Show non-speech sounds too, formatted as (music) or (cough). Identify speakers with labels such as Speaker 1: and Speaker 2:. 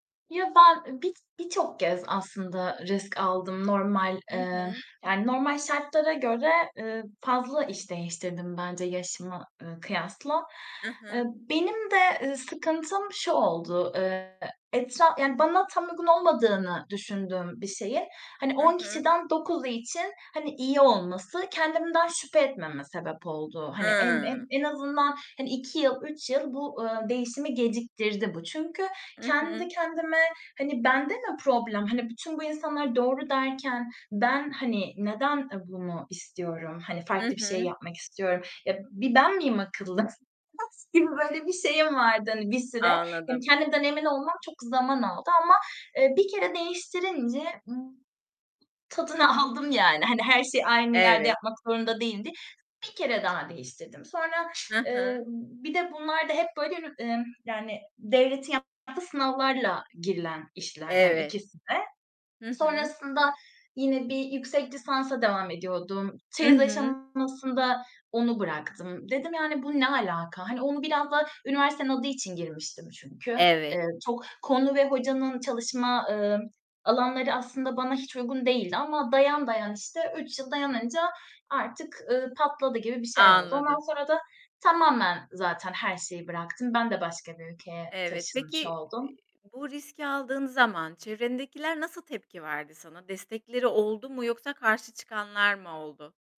Speaker 1: Ya, ben, ııı, bir birçok kez aslında risk aldım normal,
Speaker 2: Hı
Speaker 1: eee,
Speaker 2: hı.
Speaker 1: yani, normal şartlara göre, ııı, fazla iş değiştirdim bence yaşıma, ııı, kıyasla.
Speaker 2: Hı
Speaker 1: Iıı,
Speaker 2: hı.
Speaker 1: benim de, ııı, sıkıntım şu oldu. Iıı, etra yani, bana tam uygun olmadığını düşündüğüm bir şeyin, hani,
Speaker 2: Hı
Speaker 1: 10
Speaker 2: hı.
Speaker 1: kişiden 9'u için, hani, iyi olması kendimden şüphe etmeme sebep oldu. Hani, en
Speaker 2: Hıı.
Speaker 1: en en azından, hani, 2 yıl, 3 yıl bu, ııı, değişimi geciktirdi bu. Çünkü
Speaker 2: I
Speaker 1: kendi
Speaker 2: hı.
Speaker 1: kendime, hani, bende mi problem, hani, bütün bu insanlar "doğru" derken ben, hani, neden, ııı, bunu istiyorum, hani,
Speaker 2: Hı
Speaker 1: farklı bir şey
Speaker 2: hı.
Speaker 1: yapmak istiyorum? Ya, b bir ben miyim akıllı? (unintelligible) gibi, böyle, bir şeyim vardı, hani, bir süre. Hani,
Speaker 2: Anladım.
Speaker 1: kendimden emin olmam çok zaman aldı ama, eee, 1 kere değiştirince, ımm, tadını aldım yani, hani, her şeyi aynı yerde
Speaker 2: Evet.
Speaker 1: yapmak zorunda değildir. 1 kere daha değiştirdim. Sonra,
Speaker 2: Hı
Speaker 1: ımm,
Speaker 2: hı.
Speaker 1: bir de bunlar da hep, böyle, üni ımm, yani, devletin yaptığı sınavlarla girilen işler yani,
Speaker 2: Evet.
Speaker 1: ikisi de.
Speaker 2: Hı hı.
Speaker 1: Sonrasında yine bir yüksek lisansa devam ediyordum.
Speaker 2: I
Speaker 1: Çeyiz
Speaker 2: hı.
Speaker 1: aşamasında onu bıraktım. Dedim: "Yani, bu ne alaka?" Hani, onu biraz da üniversitenin adı için girmiştim çünkü.
Speaker 2: Evet.
Speaker 1: Eee, çok konu ve hocanın çalışma, ııı, alanları aslında bana hiç uygun değildi ama dayan dayan, işte, 3 yıl dayanınca artık, ııı, patladı gibi bir şey oldu.
Speaker 2: Anladım.
Speaker 1: Ondan sonra da tamamen zaten her şeyi bıraktım. Ben de başka bir ülkeye
Speaker 2: Evet,
Speaker 1: taşınmış
Speaker 2: peki
Speaker 1: oldum.
Speaker 2: bu riski aldığın zaman çevredendekiler nasıl tepki verdi sana? Destekleri oldu mu yoksa karşı çıkanlar mı oldu?